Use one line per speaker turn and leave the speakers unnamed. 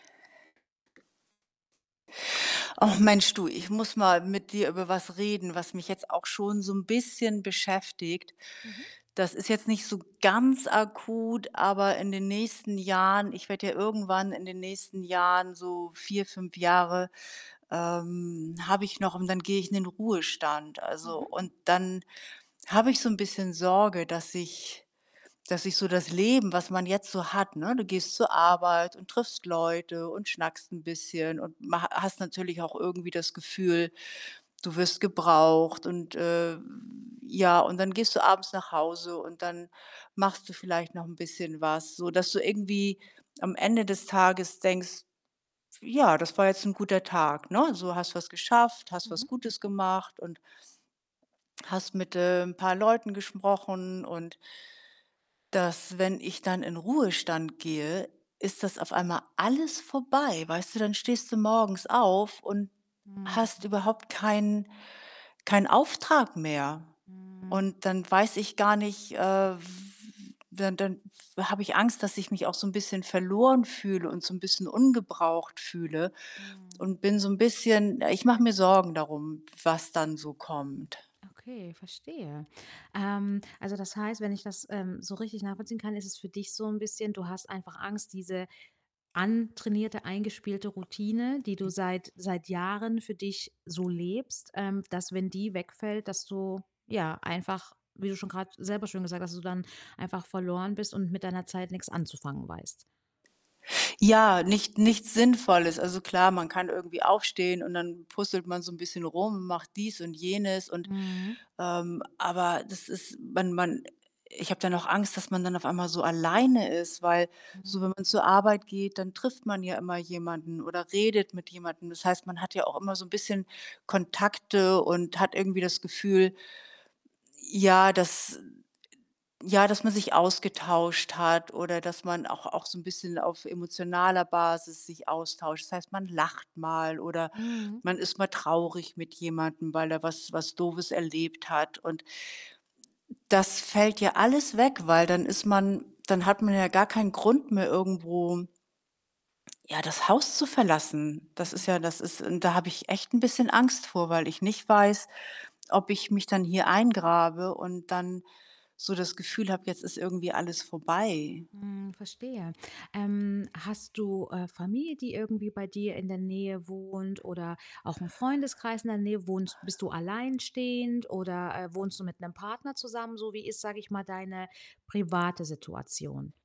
Ach Mensch du, ich muss mal mit dir über was reden, was mich jetzt auch schon so 'n bisschen beschäftigt.
Mhm.
Das ist jetzt nicht so ganz akut, aber in den nächsten Jahren ich werde ja irgendwann in den nächsten Jahren so 4, 5 Jahre, ähm, habe ich noch und dann gehe ich in den Ruhestand. Also
Mhm.
und dann habe ich so 'n bisschen Sorge, dass ich dass ich so das Leben, was man jetzt so hat ne, du gehst zur Arbeit und triffst Leute und schnackst 'n bisschen und ma hast natürlich auch irgendwie das Gefühl, du wirst gebraucht und, äh, ja und dann gehst du abends nach Hause und dann machst du vielleicht noch 'n bisschen was, so, dass du irgendwie am Ende des Tages denkst: „Ja, das war jetzt 'n guter Tag“, ne? So, hast was geschafft, hast was
Mhm.
Gutes gemacht und hast mit, ähm, paar Leuten gesprochen und, dass wenn ich dann in Ruhestand gehe, ist das auf einmal alles vorbei, weißt du? Dann stehst du morgens auf und
Mhm.
hast überhaupt keinen keinen Auftrag mehr
Mhm.
und dann weiß ich gar nicht äh, w dann dann w habe ich Angst, dass ich mich auch so 'n bisschen verloren fühle und so 'n bisschen ungebraucht fühle
Mhm.
und bin so 'n bisschen ich mache mir Sorgen darum, was dann so kommt.
Okay, verstehe. Ähm, also, das heißt, wenn ich das, ähm, so richtig nachvollziehen kann, ist es für dich so 'n bisschen du hast einfach Angst, diese antrainierte, eingespielte Routine, die du seit seit Jahren für dich so lebst ähm, dass, wenn die wegfällt, dass du, ja, einfach, wie du schon grad selber schön gesagt hast dass du dann einfach verloren bist und mit deiner Zeit nix anzufangen weißt.
Ja, nicht nichts Sinnvolles. Also, klar, man kann irgendwie aufstehen und dann puzzelt man so 'n bisschen rum, macht dies und jenes und,
Mhm.
ähm aber das ist man man ich habe dann auch Angst, dass man dann auf einmal so alleine ist, weil so, wenn
Mhm.
man zur Arbeit geht, dann trifft man ja immer jemanden oder redet mit jemandem. Das heißt, man hat ja auch immer so 'n bisschen Kontakte und hat irgendwie das Gefühl, ja, dass d ja, dass man sich ausgetauscht hat oder dass man auch auch so 'n bisschen auf emotionaler Basis sich austauscht. Das heißt, man lacht mal oder
Mhm.
man ist mal traurig mit jemandem, weil er was was Doofes erlebt hat und das fällt ja alles weg, weil dann ist man dann hat man ja gar keinen Grund mehr irgendwo ja, das Haus zu verlassen. Das ist
Mhm.
ja das ist und da habe ich echt 'n bisschen Angst vor, weil ich nicht weiß, ob ich mich dann hier eingrabe und dann so das Gefühl habe, jetzt ist irgendwie alles vorbei.
Mhm, verstehe. Ähm, hast du, äh, Familie, die irgendwie bei dir in der Nähe wohnt oder auch 'n Freundeskreis in der Nähe? Wohnst bist du alleinstehend oder, äh, wohnst du mit 'nem Partner zusammen? So wie ist, sage ich mal, deine private Situation?